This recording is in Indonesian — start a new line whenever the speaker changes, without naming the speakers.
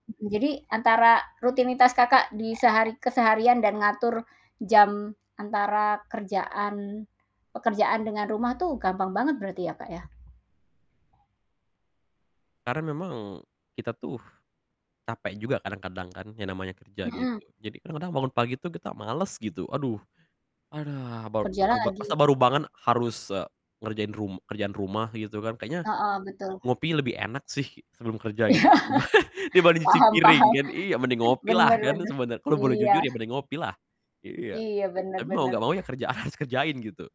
Mhm, jadi antara rutinitas Kakak di sehari keseharian dan mengatur jam antara kerjaan pekerjaan dengan rumah tuh gampang banget berarti ya Kak, ya?
Karena memang kita tuh capek juga kadang-kadang kan, yang namanya kerja
Mhm.
gitu. Jadi, kadang-kadang bangun pagi tuh kita males gitu, "Aduh aduh baru
Kerja
masa baru
lagi.
masa baru bangun harus, eee, ngerjain rum kerjaan rumah gitu kan, kayaknya
Heeh betul.
ngopi lebih enak sih sebelum kerja" gitu
Iya.
kan, "dibanding cuci
Paham
piring
paham.
kan." Iya, "mending ngopilah"
Bener
kan,
bener,
sebene kalau boleh
iya.
jujur ya, mending ngopilah. Iya.
Iya, bener
Tapi mau enggak
bener.
mau ya kerjaan, harus kerjain gitu.